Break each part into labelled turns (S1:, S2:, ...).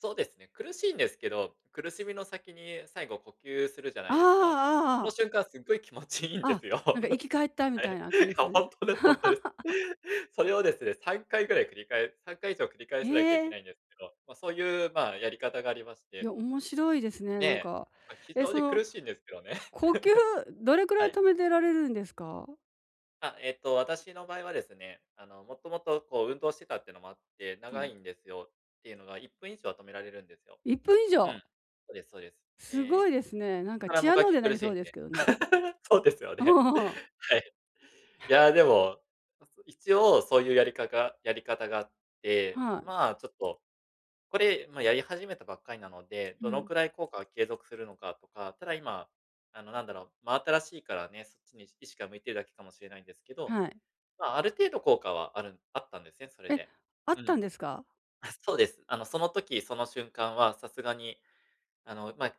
S1: そうですね、苦しいんですけど、苦しみの先に最後呼吸するじゃな
S2: あああ
S1: いですか。
S2: あ、ああ
S1: そ
S2: あ
S1: の
S2: あ。
S1: 瞬間すっごい気持ちいいんで
S2: あ、
S1: すよ。
S2: なんか生き返ったみ
S1: は
S2: たい
S1: い。
S2: な感
S1: い
S2: じです
S1: や、
S2: か
S1: ほ
S2: ね。
S1: んとです、ほんとです。それをですね3回ぐらい繰り返す3回以上繰り返
S2: へ
S1: さなきゃいけ
S2: え。
S1: ないんですけど、ま、そういう、まあ、やり方がありまし
S2: い
S1: て。
S2: や、面白いですね、
S1: ね
S2: なん
S1: え。
S2: か。
S1: ま、非
S2: え、
S1: 常
S2: そ
S1: に
S2: の、
S1: 苦しいんですけどね。
S2: 呼吸どれくら
S1: は
S2: い
S1: い。
S2: 止めてられるんですか？
S1: あ、えっと、私の場合はですね、あの、もともと、こう、運動してたっていうのもあって、
S2: は
S1: 長い
S2: い。
S1: んですよ。ていうのが、1分以上は止められるんですよ。
S2: 1分以
S1: う
S2: 上？
S1: ん。そうです、そうです。
S2: すご
S1: ええ、
S2: いですね。な
S1: そ
S2: ん
S1: っ
S2: か、
S1: から
S2: チア
S1: 踠
S2: ノーゼ
S1: き
S2: にな
S1: 苦
S2: り
S1: し
S2: そ
S1: ん
S2: うです
S1: で。
S2: けどね。
S1: そうですよね。はい。いや、でも、ま、そ、一応そういうやりかがやり方があって、
S2: はい。
S1: まあ、ちょっと、これ、ま、やり始めたばっかりなので、
S2: う
S1: どの
S2: ん。
S1: くらい効果が継続するのかとか、ただ今、あの、なんだろう、真新しいからね、そっちに意識が向いてるだけかもしれないんですけど、
S2: はい。
S1: ま、ある程度効果はあるあったんですね、それ
S2: え、
S1: で。
S2: あっ
S1: う
S2: たん
S1: ん。
S2: ですか？
S1: あ、そうです。あの、その時その瞬間はさすがに、あの、まあ、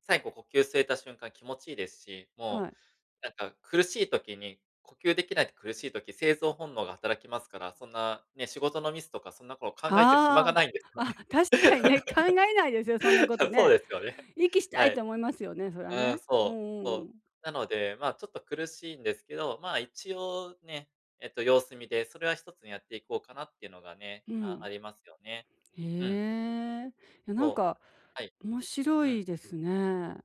S1: 最後呼吸吸えた瞬間気持ちいいですし、
S2: は
S1: も
S2: い。
S1: う、なんか、苦しい時に、呼吸できないと苦しい時、生存本能が働きますから、そんな、ね、仕事のミスとかそんなこと考えてる暇が
S2: あ
S1: ないんです
S2: あ、
S1: よ
S2: あ、
S1: ね。
S2: 確かにね、考えないですよ、そんなこと
S1: そう
S2: ね。
S1: ですよね。
S2: 息した
S1: は
S2: いと
S1: い。
S2: 思いますよね、それは
S1: うーん、
S2: ね。う
S1: そう、
S2: んう
S1: そ
S2: んう
S1: う。
S2: ん。
S1: なので、まあ、ちょっと苦しいんですけど、まあ、一応ね、えっと、様子見で、それは一つにやっていこうかなっていうのがね、
S2: う
S1: ああ
S2: ん。
S1: りますよね。
S2: へ
S1: うん。
S2: え、いや、なん
S1: そう。
S2: か、
S1: はい。
S2: 面白
S1: うん。
S2: いですね。